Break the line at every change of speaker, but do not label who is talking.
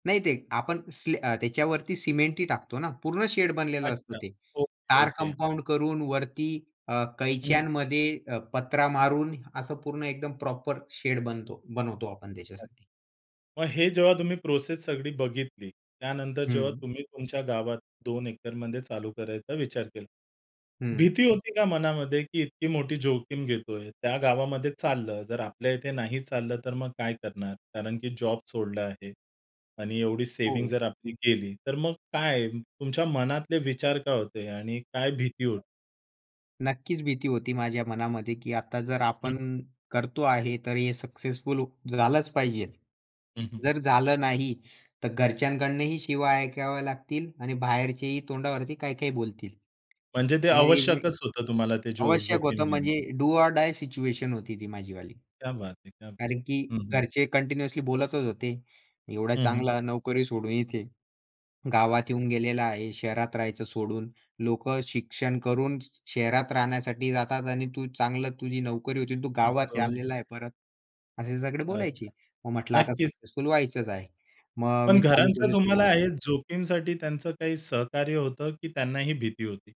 नाही, ते आपण सी अ, त्याच्यावरती सिमेंटही टाकतो ना, पूर्ण शेड बनलेलं असतं
अच्छा.
ते.
ओके,
तार
ओके.
कंपाउंड करून वरती अ,
हं.
कैच्यांमध्ये अ, पत्रा मारून असं पूर्ण एकदम प्रॉपर शेड बनतो बनवतो आपण त्याच्यासाठी.
अच्छा. मग हे जेव्हा तुम्ही प्रोसेस सगळी बघितली. त्यानंतर जेव्हा
हं.
तुम्ही तुमच्या गावात 2 एकरमध्ये चालू करायचा विचार केला.
हं.
भीती होती का मनामध्ये, की इतकी मोठी जोखीम घेतोय. त्या गावामध्ये चाललं, जर आपल्या इथे नाही चाललं तर मग काय करणार? कारण की जॉब सोडलं आहे. आणि एवढी सेव्हिंग
हो.
जर आपली केली तर मग काय तुमच्या मनातले विचार काय होते आणि काय भीती होती?
नक्कीच भीती होती माझ्या मनामध्ये की आता जर
हं,
आपण
हं.
करतो आहे तर हे सक्सेसफुल झालंच पाहिजे.
हं, हं.
जर झालं नाही, तर घरच्यांकडूनही शिव्या ऐकावे लागतील आणि बाहेरचेही तोंडावरती काही-काही बोलतील
म्हणजे ते
[unintelligible]
आवश्यकच होतं तुम्हाला ते जो
आवश्यक होतं,
जोखीम घेणं?
म्हणजे डू ऑर डाय सिच्युएशन होती ती माझी वाली.
क्या बात है! क्या बात.
कारण की
हं, हं.
घरचे कंटिन्यूअसली बोलतच होते, "एवढा
हं, हं.
चांगला नोकरी सोडून इथे, गावात येऊन गेलेला आहे, शहरात राहायचं सोडून, लोकं शिक्षण करून शहरात राहण्यासाठी जातात आणि तू चांगलं तुझी नोकरी होती आणि तू गावात आलेला
[unintelligible]
आहे परत," असे सगळे बोलायचे.
अच्छा.
मग म्हटलं आता
नक्कीच.
सक्सेसफुल व्हायचंच आहे. मग
पण
मी चालू
घरांचं
केली
तुम्हाला
सुरुवात.
आहे जोखीमसाठी त्यांचं काही सहकार्य होतं, की त्यांनाही भीती होती?